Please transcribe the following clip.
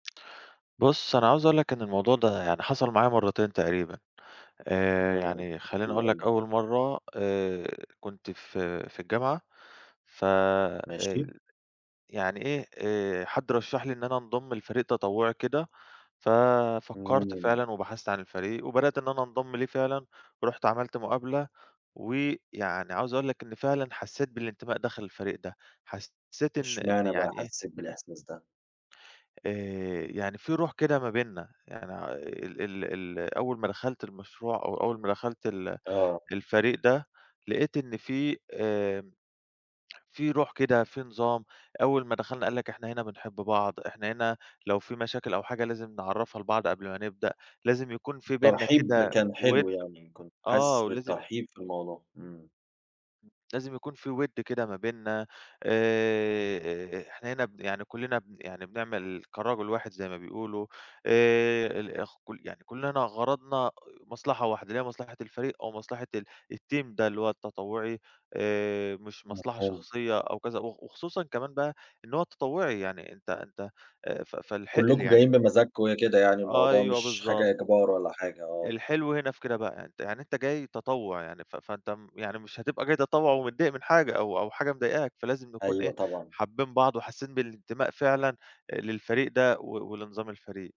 بُص، أنا عاوز أقول لك إن الموضوع ده يعني حصل معايا مرّتين تقريبًا. آآ إمم، يعني خَلّيني حلو أقول لك أوي. أول مرّة، آآ كنت ف في الجامعة، ف آآ ماشي. يعني إيه، آآ حد رشّح لي إن أنا أنضم لفريق تطوُّعي كده، ما ففكّرت علينا. فعلًا وبحثت عن الفريق وبدأت إن أنا أنضم ليه فعلًا، ورُحت عملت مُقابلة، ويعني عاوز أقول لك إن فعلًا حسّيت بالانتماء داخل الفريق ده. حسّيت إن إن واشمعنى بقى يعني إيه حسّيت بالإحساس ده؟ آآ يعني في رُوح كده ما بيننا. يعني، ع ال ال أول ما دخلت المشروع أو أول ما دخلت ال آه. الفريق ده، لقيت إن فيه آمم في رُوح كده، في نظام. أول ما دخلنا قال لك: "إحنا هنا بنحب بعض، إحنا هنا لو في مشاكل أو حاجة لازم نعرّفها لبعض قبل ما نبدأ، لازم يكون فيه بيننا الترحيب كده كان حلو وِد" يعني، كنت آه، حاسِس ولازم بالترحيب في الموضوع، إمم. لازم يكون فيه وِد كده ما بيننا. آآ إحنا هنا ب يعني كُلّنا ب يعني بنعمل كراجل واحد زي ما بيقولوا. آآ ال اخ كل يعني كُلّنا غرضنا آآ مصلحة واحدة، اللي هي مصلحة الفريق، أو مصلحة ال الTeam ده، اللي هو التطوُّعي، آآ مش مصلحة مفهوم. شخصية أو كذا. وخ وخصوصًا كمان بقى إن هو تطوُّعي، يعني أنت أنت آآ ف فالحقل كُلّكم يعني جايين بمزاجكم وهي كده يعني، الموضوع أيوه، مش بالضبط. حاجة إجبار ولا حاجة، آه. الحلو هنا في كده بقى، أنت يعني أنت جاي تطوُّع، يعني ف فأنت م يعني مش هتبقى جاي تطوّع ومتضايق من حاجة، أو أو حاجة مضايقاك، فلازم نكون إيه، أيوه طبعًا. حابّين بعض وحاسّين بالانتماء فعلًا آآ للفريق ده، و ولنظام الفريق.